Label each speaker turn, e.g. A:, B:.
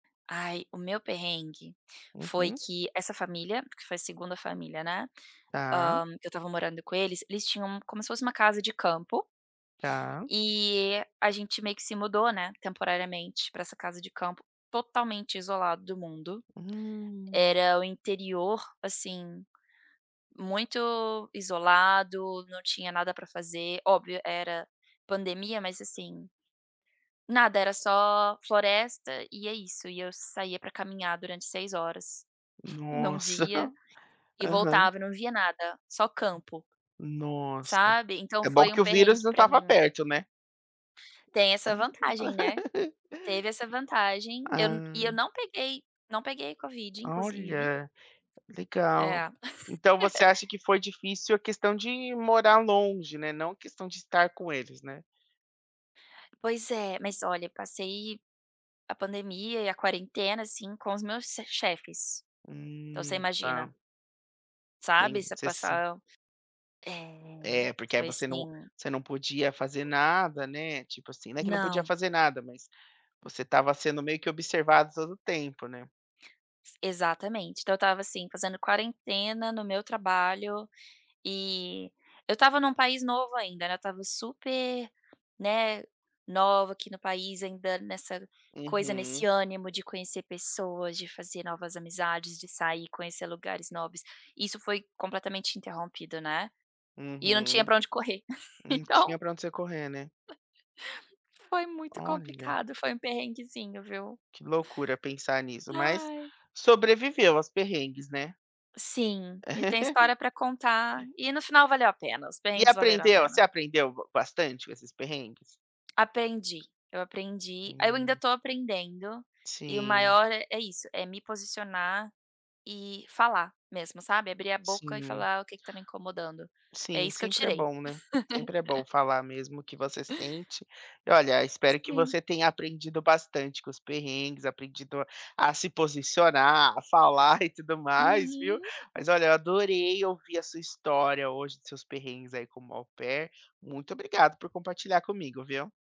A: Ai o meu perrengue, foi
B: Uhum.
A: que essa família, que foi a 2ª família, né,
B: Está.
A: hã que eu estava morando com eles, eles tinham como se fosse uma casa de campo,
B: Está.
A: e a gente meio que se mudou, né, temporariamente para essa casa de campo totalmente isolado do mundo.
B: Hum.
A: Era o interior assim, muito isolado, não tinha nada para fazer, óbvio era pandemia mas assim, nada era só floresta e é isso e eu saía para caminhar durante 6 horas, em 1
B: Nossa.
A: dia, e
B: Aham.
A: voltava e não via nada, só campo.
B: Nossa.
A: Sabe, então
B: É bom
A: foi um
B: que o vírus
A: perrengue
B: não
A: para
B: estava
A: mim.
B: perto, né.
A: Tem essa vantagem, né, teve essa vantagem, eu e
B: Ah.
A: eu não peguei, não peguei covid inclusive.
B: Olha, legal.
A: É.
B: Então você acha que foi difícil a questão de morar longe, né, não a questão de estar com eles, né?
A: Pois é, mas olha passei, a pandemia e a quarentena assim com os meus se chefes. Então você
B: Hum, está.
A: imagina sabe
B: Bem,
A: você
B: você assim.
A: passar, eh,
B: É porque aí
A: foi
B: você não
A: assim
B: você não podia fazer nada, né, tipo assim, não é que não podia
A: Não.
B: fazer nada, mas você estava sendo meio que observado todo o tempo, né.
A: Exatamente então eu estava, assim, fazendo quarentena no meu trabalho, e eu estava em um país novo ainda não estava super, né, nova aqui no país ainda nessa coisa, nesse
B: Uhum.
A: ânimo de conhecer pessoas, de fazer novas amizades, de sair, conhecer lugares novos, isso foi completamente interrompido, né, e eu não tinha
B: Uhum.
A: para onde correr,
B: Não
A: então
B: tinha para onde você correr, né.
A: Foi muito
B: Olha.
A: complicado, foi um perrenguezinho, viu?
B: Que loucura pensar nisso mas,
A: Ai.
B: sobreviveu aos perrengues, né.
A: Sim, tem história para contar, e no final valeu a pena, os
B: E
A: perrengues valeram a
B: aprendeu você
A: pena.
B: aprendeu bastante com esses perrengues?
A: Aprendi, eu aprendi, aí eu ainda
B: Hum.
A: estou aprendendo, e o
B: Sim.
A: maior é isso, é me posicionar e falar mesmo sabe, abrir a boca e
B: Sim.
A: falar o que que está me incomodando, é
B: Sim,
A: isso que eu
B: sempre é
A: tirei.
B: bom, né, sempre é bom falar mesmo o que você sente. E olha, espero que
A: Sim.
B: você tenha aprendido bastante com os perrengues, aprendido a se posicionar, a falar e tudo mais, viu?
A: Uhum.
B: Mas olha eu adorei ouvir a sua história hoje, seus perrengues aí como au pair muito obrigado por compartilhar comigo viu?